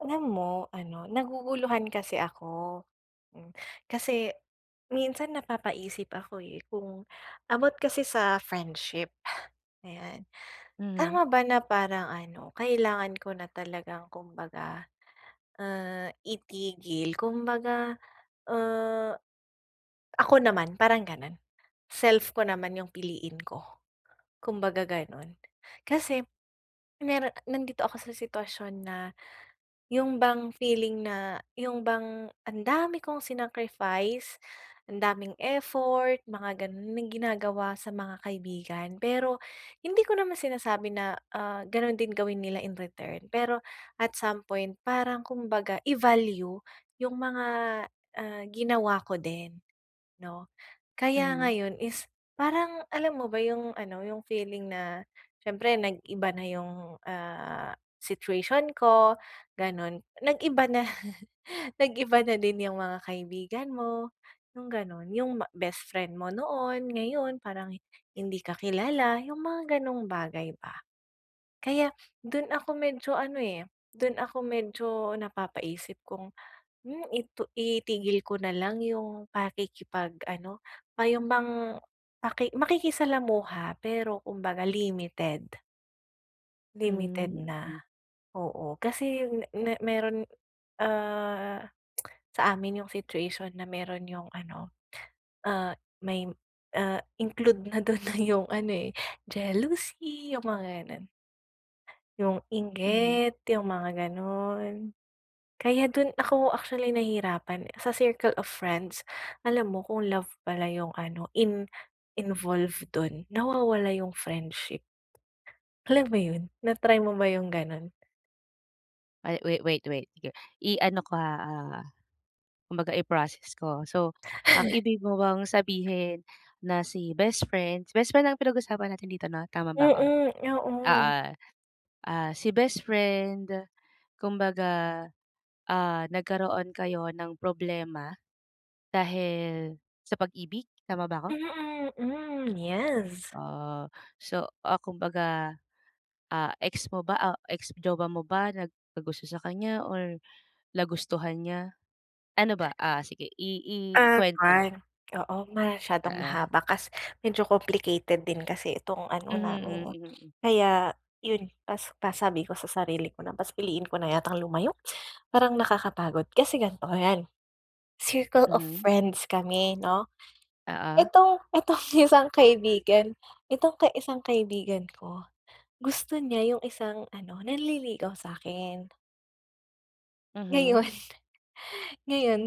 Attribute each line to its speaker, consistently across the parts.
Speaker 1: Alam mo ano naguguluhan kasi ako. Hmm, kasi minsan napapaisip ako eh, kung about kasi sa friendship, ayan.
Speaker 2: Mhm.
Speaker 1: Tama ba na parang ano kailangan ko na talagang kumbaga, ah, itigil kumbaga, ah, ako naman parang ganun self ko naman yung piliin ko, kumbaga ganun. Kasi meron nandito ako sa sitwasyon na, yung bang feeling na yung bang ang dami kong sinacrifice, ang daming effort mga ganun na ginagawa sa mga kaibigan. Pero hindi ko naman sinasabi na ah, ganun din gawin nila in-return, pero at some point parang kumbaga i-value yung mga, ah, ginawa ko din, no? Kaya
Speaker 2: Mhm.
Speaker 1: ngayon is parang alam mo ba yung ano, yung feeling na siyempre nag-iba na yung, ah, situation ko ganun. Nag-iba na, nag-iba na din yung mga kaibigan mo yung ganun, yung ma bestfriend mo noon, ngayon parang hindi ka kilala yung mga ganung bagay ba. Kaya dun ako medyo ano eh, dun ako medyo napapaisip kung, hmm, itu itigil ko na lang yung pakikipag ano pa yun bang maki makikisalamuha pero kumbaga limited. Limited
Speaker 2: Hmm,
Speaker 1: na.
Speaker 2: mm.
Speaker 1: Oo, kasi me me mayro'n, ah, sa amin 'yong situation na mayro'n 'yong ano, ah may ah include na do'n na 'yong, ano, eh, jealousy, 'yong mga, gano'n. 'Yong
Speaker 2: Mhm.
Speaker 1: inggit, 'yong mga gano'n. Kaya do'n ako, actually nahirapan sa circle of friends. Alam mo kung love pala 'yong ano, in involved do'n, nawawala 'yong friendship. Alam mo 'yon, na-try mo ba, 'yong gano'n?
Speaker 2: Ay, wait, wait, wait, iger i-ano ko ha, ah, kumbaga i-proccess ko. So, ang ibig mo bang sabihin na si best friend, best friend ang pinag-usapan natin dito, 'no, tama ba ako?
Speaker 1: Mm, yoon.
Speaker 2: Oo, ah, si best friend, kumbaga, ah, nagkaroon kayo ng problema, dahil sa pag-ibig, tama ba ako?
Speaker 1: Mm, hmm, yes!
Speaker 2: Ah. So, ah, kumbaga, ah, ex mo ba? O, ex-jowa mo ba, nagkagusto sa kanya or nagustuhan niya? Ano ba ah, sige i
Speaker 1: Ah,
Speaker 2: i-kwento mo.
Speaker 1: kuwan, oo, masyadong
Speaker 2: Oo.
Speaker 1: mahaba kas medyo complicated din kasi itong ano
Speaker 2: Mhm,
Speaker 1: namin, eh.
Speaker 2: hmm, mm.
Speaker 1: Kaya, 'yon pas pasabi ko sa sarili ko na, "Mas piliin ko na yatang lumayo." parang nakakapagod. Kasi ganito, 'yan, circle of
Speaker 2: Mhm.
Speaker 1: friends kami, 'no,
Speaker 2: Oo.
Speaker 1: itong, itong isang kaibigan, itong ka isang kaibigan ko, gusto niya 'yong isang ano, nanliligaw sa'kin. Ngayon
Speaker 2: Mhm.
Speaker 1: ngayon,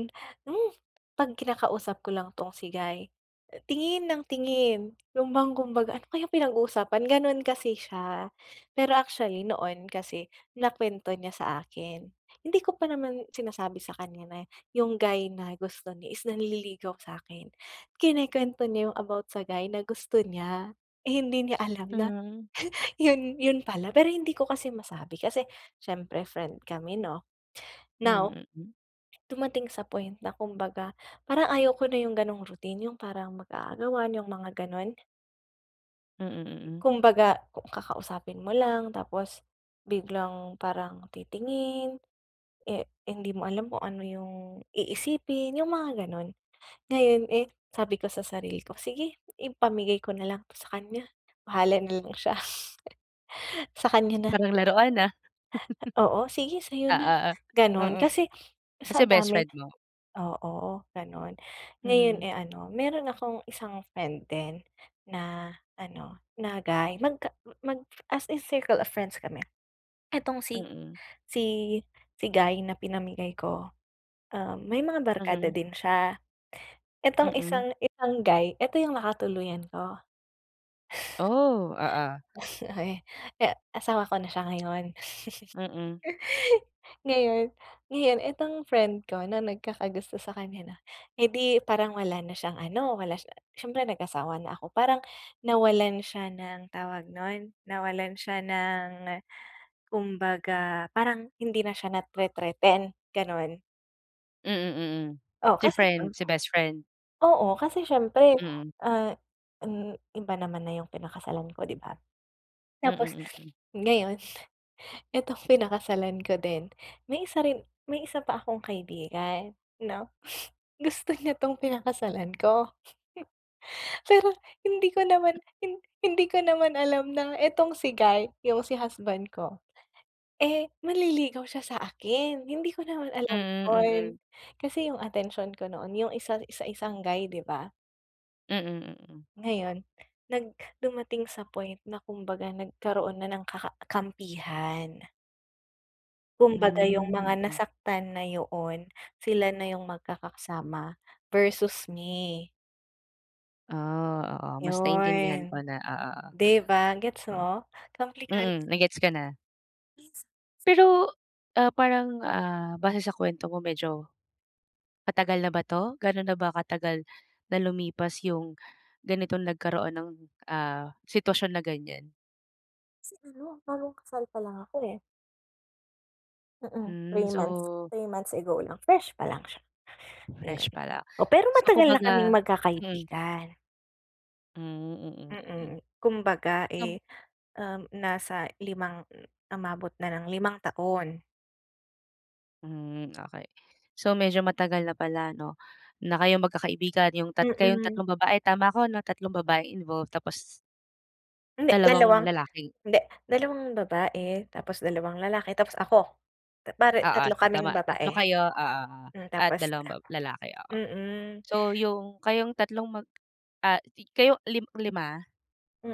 Speaker 1: hmm, 'pag kinakausap ko lang 'tong si guy, uh tingin ng tingin. Yun bang kumbaga, ano kayang pinag-uusapan, ganun kasi siya. Pero actually noon kasi nakwento niya sa akin. Hindi ko pa naman sinasabi sa kanya na yung guy na gusto niya is nanililigaw sa'kin. Kinukwento niya yung about sa guy na gusto niya, eh, hindi niya alam na
Speaker 2: Hmm.
Speaker 1: yun, yun pala pero hindi ko kasi masabi kasi siyempre friend kami 'no? Now,
Speaker 2: Mm.
Speaker 1: dumating sa point na kumbaga parang ayaw ko na yung ganong routine. Yung parang mag-aagawan, yung mga ganun.
Speaker 2: Mm, mm.
Speaker 1: Kung baga kakausapin mo lang tapos biglang parang titingin, eh, hindi mo alam kung ano yung iisipin, yung mga ganun. Ngayon, eh, sabi ko sa sarili ko, "Sige, ipamigay ko na lang 'to sa kanya, bahala na lang siya. Sa kanya na."
Speaker 2: Parang laruan ah.
Speaker 1: Oo, sige sa'yo na, ganun.
Speaker 2: Oo. Mm.
Speaker 1: Kasi
Speaker 2: Kasi
Speaker 1: sa
Speaker 2: best
Speaker 1: dami
Speaker 2: friend mo.
Speaker 1: oo, ganun. Ngayon,
Speaker 2: Mhm.
Speaker 1: eh, ano, meron akong isang friend din na ano, na guy, magka mag as in circle of friends kami. Itong si
Speaker 2: Mm.
Speaker 1: si si guy na pinamigay ko, um, may mga barkada
Speaker 2: Mhm.
Speaker 1: din siya. Itong
Speaker 2: Mm.
Speaker 1: isang itong guy, ito yung nakatuluyan ko.
Speaker 2: Oh, oo.
Speaker 1: E asawa ko na siya ngayon.
Speaker 2: Mm.
Speaker 1: Ngayon ngayon itong friend ko na nagkakagusto sa kanya 'no, edi parang wala na siyang ano, wala siya syempre nag-asawa na ako, parang nawalan siya ng tawag nun, nawalan siya ng, kumbaga parang hindi na siya nate-threaten, ganun.
Speaker 2: Mm, mm.
Speaker 1: Oh,
Speaker 2: Si
Speaker 1: kasi
Speaker 2: friend,
Speaker 1: syem
Speaker 2: si best friend.
Speaker 1: Oo, kasi siyempre
Speaker 2: Mm.
Speaker 1: ah, hmm. Iba naman na yung pinakasalan ko, 'di ba? Tapos
Speaker 2: Mm, mm.
Speaker 1: ngayon itong pinakasalan ko din, may isa rin may isa pa akong kaibigan 'no. Gusto niya 'tong pinakasalan ko. Pero hindi ko naman hin hindi ko naman alam na etong si guy, yung si husband ko, eh, manliligaw siya sa akin, hindi ko naman alam
Speaker 2: Mm,
Speaker 1: yun.
Speaker 2: mm.
Speaker 1: Kasi yung atensyon ko noon yung isa sa isang guy, di ba?
Speaker 2: Mm, mm.
Speaker 1: Ngayon, nag dumating sa point na kumbaga nagkaroon na ng ka ka kampihan. Kumbaga yung
Speaker 2: Hmm,
Speaker 1: mga
Speaker 2: mm.
Speaker 1: nasaktan na yoon. Sila na yung magkakasama versus me.
Speaker 2: Oh, oo. Mas naiintindihan ko
Speaker 1: Yun,
Speaker 2: na. Oo, oh.
Speaker 1: 'di ba, gets mo? Komplikad
Speaker 2: Mm, na gets ko na.
Speaker 1: [unintelligible]
Speaker 2: Pero ah, parang ah, base sa kuwento mo medyo, matagal na ba 'to? Gano na ba katagal na lumipas yung ganitong nagkaroon ng ah, sitwasyon na ganyan?
Speaker 1: Siguro. Bagong kasal pa lang ako eh. Mm.
Speaker 2: Hmm,
Speaker 1: 3 months
Speaker 2: so
Speaker 1: 3 months ago lang, fresh pa lang siya,
Speaker 2: Fresh
Speaker 1: ayun.
Speaker 2: pala.
Speaker 1: Oh, pero
Speaker 2: So
Speaker 1: matagal na kaming
Speaker 2: kumbaga, hmm
Speaker 1: magkakaibigan.
Speaker 2: Hmm. Mhm.
Speaker 1: Mm. Kumbaga,
Speaker 2: [unintelligible]
Speaker 1: eh, uhm, nasa 5, umabot na ng 5 taon.
Speaker 2: Hm, okey. So medyo matagal na pala ano, na kayong magkakaibigan, yung tat kayong
Speaker 1: Mm.
Speaker 2: tatlong babae tama ko 'no? Tatlong babaeng involved tapos
Speaker 1: Hindi,
Speaker 2: dalawang
Speaker 1: 2,
Speaker 2: lalaki.
Speaker 1: hindi 2 babae tapos 2 lalaki tapos ako. Bale
Speaker 2: Oo.
Speaker 1: 3
Speaker 2: So
Speaker 1: kaming
Speaker 2: tama, 3
Speaker 1: babae.
Speaker 2: kayo oo, oo,
Speaker 1: Hmm,
Speaker 2: at
Speaker 1: tapos
Speaker 2: 2 ba lalaki, oo.
Speaker 1: Mm.
Speaker 2: So yung, kayong tatlong mag ah kayo lim 5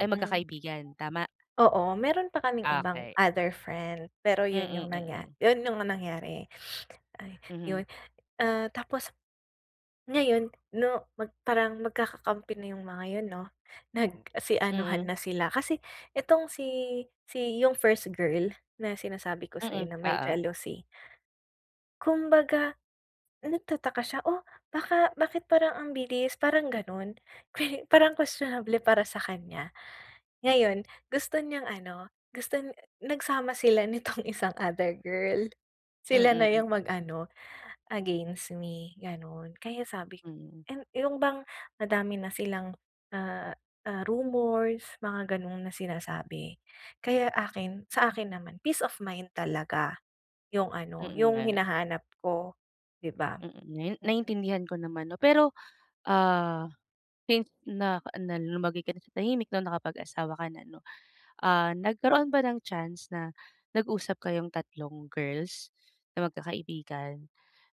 Speaker 2: ay magkakaibigan, tama?
Speaker 1: Oo, meron pa kaming ibang
Speaker 2: Okey.
Speaker 1: other friend. Pero yun
Speaker 2: Mm,
Speaker 1: yung nangya
Speaker 2: mm.
Speaker 1: yun yung nangyari. Ay,
Speaker 2: Mhm.
Speaker 1: yun, ah, tapos ngayon 'no, mag parang magkakakampi na yung mga yun 'no, nagsi anuhan
Speaker 2: Mm.
Speaker 1: na sila kasi itong si, si yung first girl na sinasabi ko sa'yo
Speaker 2: Mm,
Speaker 1: na may
Speaker 2: oo.
Speaker 1: jealousy kumbaga nagtataka siya, "Oh, baka, bakit parang ang bilis", parang ganun. Kwe parang kwestionable para sa kanya. Ngayon gusto niyang ano, guston nagsama sila nitong isang other girl, sila na
Speaker 2: Mm.
Speaker 1: yung mag-ano against me, ganon. Kaya sabik'
Speaker 2: Hmm.
Speaker 1: and yung bang madami na silang, ah, ah, rumors mga ganun, na sinasabi. Kaya, akin, sa akin naman, peace of mind talaga yung ano
Speaker 2: Mm,
Speaker 1: yung
Speaker 2: nga.
Speaker 1: hinahanap ko 'di ba?
Speaker 2: Mm, ngayon
Speaker 1: Mm.
Speaker 2: naintindihan ko naman 'no, pero, ah, since na na lumagay ka na sa tahimik 'no, na nakapag-asawa ka na 'no. Ah, nagkaroon ba ng chance na nag-usap kayong tatlong girls na magkakaibigan,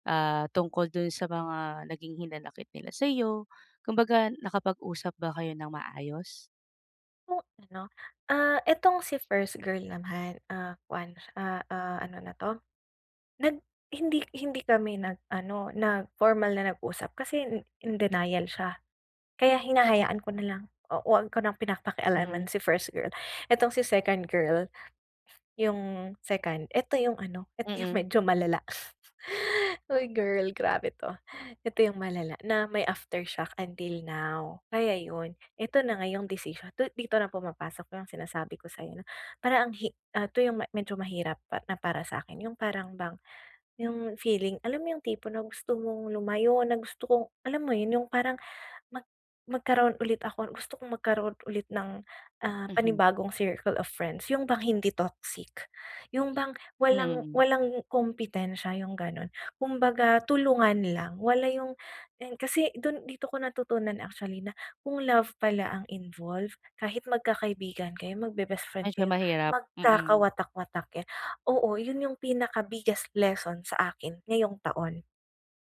Speaker 2: ah, tungkol dun sa mga naging hinanakit nila sa'yo, kumbaga nakapag-usap ba kayo ng maayos?
Speaker 1: Hmm, 'no, ah, itong si first girl naman, ah, kuwan ah ah, ano na to? Nag hind-i hindi kami nag-ano, nag-formal na nag-usap kasi in in denial siya. Kaya hinahayaan ko na lang, oo, huwag ko ng
Speaker 2: Mhm.
Speaker 1: pinapakialaman si first girl. Itong si second girl, yung second, eto yung ano, eto yung
Speaker 2: Mm.
Speaker 1: medyo malala. Uy, girl grabe 'to. Ito yung malala na may aftershock until now, kaya yun, eto na nga yong decision 'to dito na pumapasok yung sinasabi ko sa'yo na parang ang hi ah, 'to yung medyo mahirap pa na para sa'kin, yung parang bang yung feeling, alam mo yung tipo na gusto mong lumayo na, gusto kong alam mo yun yung parang mag magkaroon ulit ako gusto kong magkaroon ulit ng ah,
Speaker 2: Mhm.
Speaker 1: panibagong circle of friends, yung bang hindi toxic, yung bang
Speaker 2: Hmm,
Speaker 1: walang
Speaker 2: mm.
Speaker 1: walang kompetensya, yung ganon. Kumbaga tulungan lang, wala yung yung kasi dun dito ko natutunan actually na kung love pala ang involve, kahit magkakaibigan kayo, magbe-best friend
Speaker 2: Medyo
Speaker 1: kayo
Speaker 2: mahirap, mm.
Speaker 1: magkakawatak-watak kayo, oo yun yung pinaka-biggest lesson sa akin ngayong taon.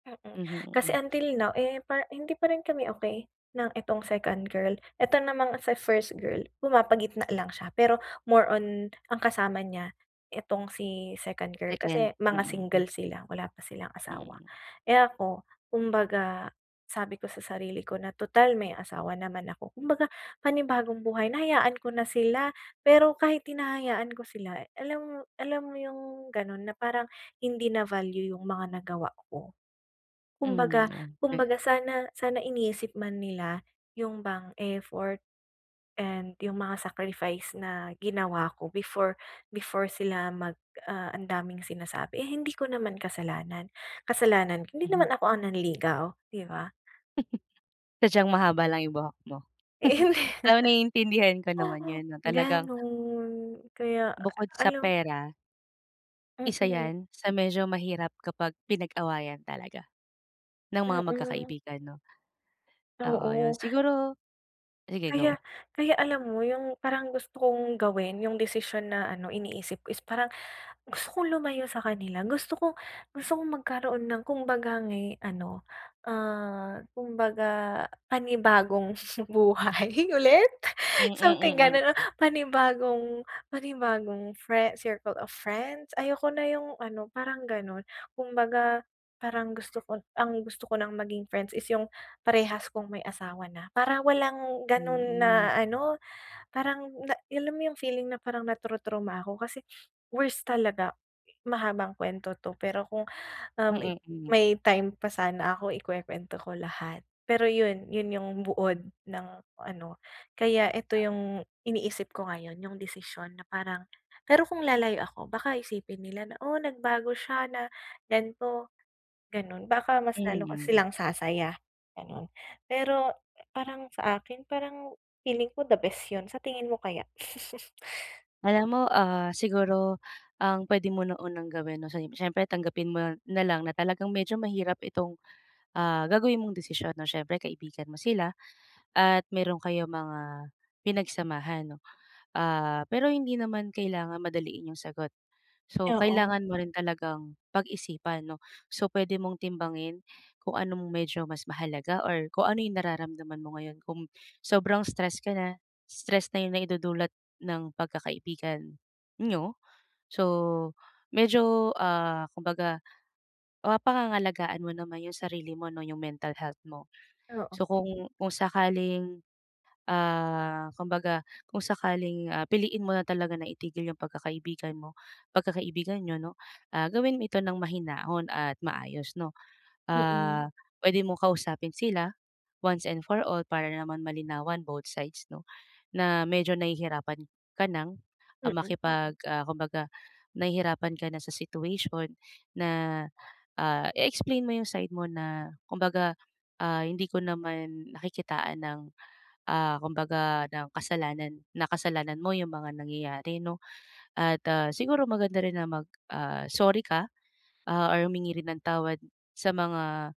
Speaker 1: Mm,
Speaker 2: Mhm,
Speaker 1: kasi
Speaker 2: mm.
Speaker 1: until now eh, par hindi pa rin kami okey ng itong second girl, eto namang sa first girl, pumapagitna lang siya pero more on ang kasama niya itong si second girl,
Speaker 2: Second,
Speaker 1: kasi mga
Speaker 2: mm, hmm.
Speaker 1: single sila, wala pa silang asawa.
Speaker 2: Mm.
Speaker 1: Eh, ako kumbaga sabi ko sa sarili ko na, tutal may asawa naman ako, kumbaga panibagong buhay na, hayaan ko na sila. Pero kahit hinahayaan ko sila, alam alam mo yung ganon na parang hindi na-value yung mga nagawa ko.
Speaker 2: Hmm,
Speaker 1: Kumbaga
Speaker 2: okey.
Speaker 1: kumbaga sana sana iniisip man nila yung bang effort, and yung mga sacrifice na ginawa ko before before sila mag ah, ang daming sinasabi. Eh, hindi ko naman kasalanan, kasalanan, hindi
Speaker 2: Mhm.
Speaker 1: naman ako ang nanligaw, di ba?
Speaker 2: Sadyang mahaba lang yung buhok mo.
Speaker 1: Eh hindi.
Speaker 2: Oo naiintindihan ko naman yun 'no talagang
Speaker 1: Ganun, kaya
Speaker 2: Bukod sa
Speaker 1: alam
Speaker 2: pera. Isa
Speaker 1: Mm.
Speaker 2: yan sa medyo mahirap kapag pinag-awayan talaga ng mga
Speaker 1: Mm.
Speaker 2: magkakaibigan, 'no. Oo yun,
Speaker 1: Oo.
Speaker 2: siguro sige, go.
Speaker 1: Kaya kaya alam mo yung parang gusto kong gawin, yung desisyon na ano iniisip ko is parang gusto kong lumayo sa kanila, gusto kong gusto kong magkaroon ng kumbaga nga'y ano, ah, kumbaga panibagong buhay ulit,
Speaker 2: Mm,
Speaker 1: something
Speaker 2: mm.
Speaker 1: ganon o panibagong panibagong friend, circle of friends. Ayoko na yung ano parang ganon kumbaga parang gusto ko ang gusto ko ng maging friends is yung parehas kung may asawa na, para walang ganon
Speaker 2: Mm.
Speaker 1: na ano parang na alam mo yung feeling na parang natu-trauma ako kasi worst talaga. Mahabang kwento 'to, pero kung, um,
Speaker 2: Mm, mm.
Speaker 1: may time pa sana ako ikwekwento ko lahat. Pero yun, yun yung buod ng ano kaya eto yung iniisip ko ngayon yung desisyon na parang pero kung lalayo ako baka isipin nila na, o nagbago siya na gan'to gan'on, baka mas lalo pa
Speaker 2: Mhm.
Speaker 1: silang sasaya ganon pero parang sakin parang feeling ko the best yun, sa tingin mo kaya?
Speaker 2: Alam mo, ah, siguro ang pwede mo na unang gawin syempre tanggapin mo nalang na talagang medyo mahirap itong, ah, gagawin mong desisyon 'no syempre kaibigan mo sila, at meron kayong mga pinagsamahan, 'no. Ah, pero hindi naman kailangan madaliin yung sagot. So,
Speaker 1: Oo.
Speaker 2: kailangan mo rin talagang pag-isipan 'no. So pwede mong timbangin kung anong medyo mas mahalaga or kung ano yung nararamdaman mo ngayon kung sobrang stress ka na, stress na yung naidudulot ng pagkakaibigan niyo, so medyo, ah, kumbaga, ah, mapapangangalagaan mo naman yung sarili mo 'no, yung mental health mo.
Speaker 1: Oo.
Speaker 2: So, kung kung sakaling, ah, kumbaga kung sakaling, ah, piliin mo na talaga na itigil yung pagkakaibigan mo pagkakaibigan niyo 'no, ah, gawin mo ito ng mahinahon at maayos, 'no.
Speaker 1: Mm.
Speaker 2: Ah, pwede mong kausapin sila once and for all para naman malinawan both sides, 'no, na medyo nahihirapan ka ng
Speaker 1: Mm.
Speaker 2: makipag ah, kumbaga nahihirapan ka na sa situation na, ah, i-explain mo yung side mo na kumbaga, ah, hindi ko naman nakikitaan ng, ah, kumbaga ng kasalanan na kasalanan mo yung mga nangyayari 'no, at ah, siguro maganda rin na mag ah, sorry ka, ah, or humingi rin ng tawad sa mga,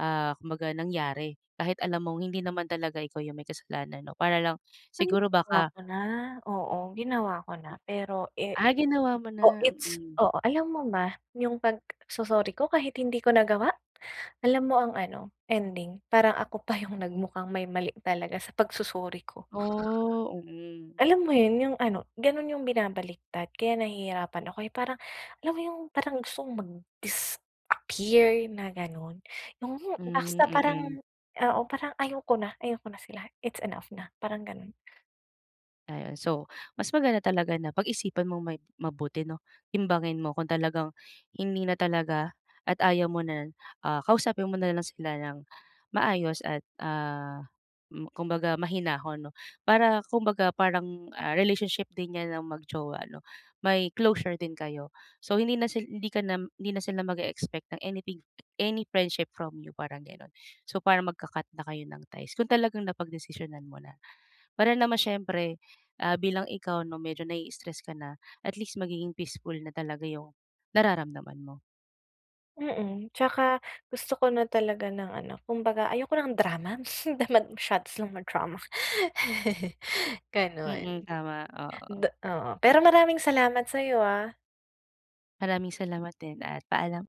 Speaker 2: ah, kumbaga nangyari kahit alam mong hindi naman talaga ikaw yung may kasalanan 'no para lang
Speaker 1: Ay,
Speaker 2: siguro
Speaker 1: ginawa
Speaker 2: baka
Speaker 1: ko na, oo. Ginawa ko na pero, eh
Speaker 2: Ah, ginawa mo
Speaker 1: oh,
Speaker 2: na,
Speaker 1: it's
Speaker 2: mm.
Speaker 1: oo. Alam mo ba, yung pagso-sorry ko kahit hindi ko nagawa? Alam mo ang ano, ending? Parang ako pa yung nagmukhang may mali talaga sa pag-sorry ko.
Speaker 2: Oh, mm.
Speaker 1: Alam mo yun, yung ano ganon yung binabaliktad kaya nahihirapan ako eh, parang alam mo yung parang gusto kong mag-disappear na ganon. Yung
Speaker 2: Hmm,
Speaker 1: basta
Speaker 2: mm.
Speaker 1: parang oo parang ayaw ko na ayaw ko na sila, it's enough na parang, ganon.
Speaker 2: Ayun so mas maganda talaga na pag-isipan mong mai mabuti, 'no timbangin mo kung talagang hindi na talaga at ayaw mo na, ah, kausapin mo nalang sila ng maayos, at ah, hmm, kumbaga mahinahon 'no para kumbaga parang, ah, relationship din niyan ng mag-jowa, 'no may closure din kayo. So hindi na hindi ka na hindi na sila mag-eexpect ng anything, any friendship from you parang ganon. So parang magka-cut na kayo ng ties kung talagang napagdesisyonan mo na. Para naman siyempre, ah, bilang ikaw 'no medyo nai-stress ka na, at least magiging peaceful na talaga yung nararamdaman mo.
Speaker 1: Mm, tsaka gusto ko na talaga ng ano kumbaga ayoko ng drama masyado silang madrama.
Speaker 2: Mm, tama, oo.
Speaker 1: Da oo,
Speaker 2: Ay
Speaker 1: pero maraming salamat sa'yo ah.
Speaker 2: Maraming salamat din at paalam.